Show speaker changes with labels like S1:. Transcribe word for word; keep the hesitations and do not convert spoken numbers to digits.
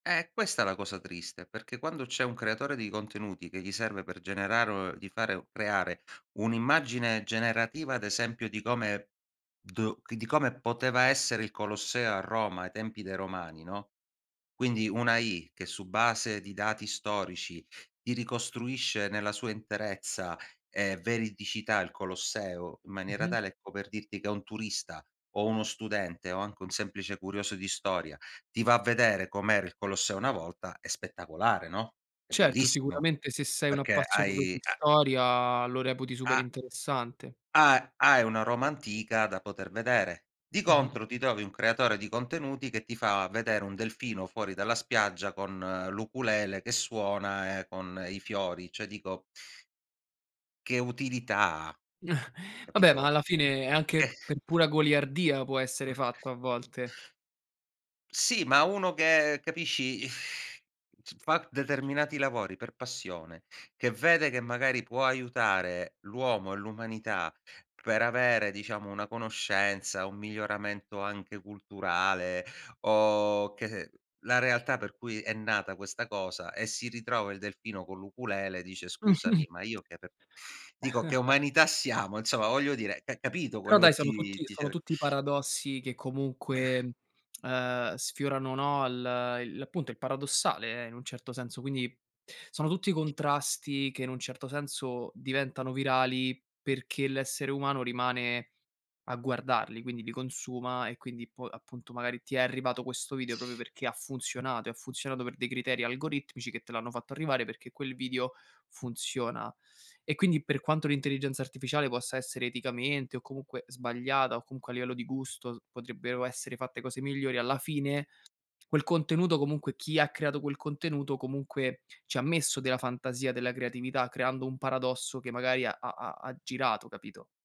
S1: Eh, è questa la cosa triste, perché quando c'è un creatore di contenuti che gli serve per generare o di fare creare un'immagine generativa, ad esempio, di come do di di come poteva essere il Colosseo a Roma ai tempi dei Romani, no, quindi una AI che, su base di dati storici, ti ricostruisce nella sua interezza e veridicità il Colosseo in maniera
S2: Mh-mh.
S1: tale, ecco, per dirti che un turista o uno studente o anche un semplice curioso di storia ti va a vedere com'era il Colosseo una volta, è spettacolare, no, è
S2: Certo,
S1: bellissimo,
S2: sicuramente se sei un
S1: perché
S2: appassionato di
S1: hai ha
S2: storia lo reputi super
S1: ha
S2: interessante.
S1: ha hai una Roma antica da poter vedere. Di
S2: Mh-mh.
S1: contro, ti trovi un creatore di contenuti che ti fa vedere un delfino fuori dalla spiaggia, con l'ukulele che suona e con i fiori. Cioè, dico che utilità ha,
S2: Vabbè, ma
S1: capito?
S2: alla fine
S1: Eh.
S2: anche per pura goliardia può essere
S1: O
S2: fatto, a volte.
S1: Sì, ma uno che capisci, s fa determinati lavori per passione, che vede che magari può aiutare l'uomo e l'umanità per avere, diciamo, una conoscenza, un miglioramento anche culturale o che la realtà per cui è nata questa cosa, e si ritrova il delfino con l'ukulele, dice: "Scusami, ma io che r dico che umanità siamo?". Insomma voglio dire, c capito
S2: Però,
S1: quello
S2: dai,
S1: che
S2: sono tutti
S1: ti
S2: sono
S1: cer
S2: tutti i paradossi che
S1: Eh.
S2: comunque, uhm, sfiorano, no, l' i l'appunto, il paradossale in un certo senso, quindi sono tutti contrasti che, in un certo senso, diventano virali perché l'essere umano rimane a guardarli, quindi li consuma e quindi po appunto magari ti è arrivato questo video proprio perché ha funzionato, e ha funzionato per dei criteri algoritmici che te l'hanno fatto arrivare, perché quel vidio funziona. E quindi, per quanto l'intelligenza artificiale possa essere eticamente o comunque sbagliata o comunque, a livello di gusto, s potrebbero essere fatte cose migliori, alla fine, quel contenuto, comunque, chi ha creato quel contenuto comunque ci ha messo della fantasia, della creatività, creando un paradosso che magari ha ha ha ha girato, capito?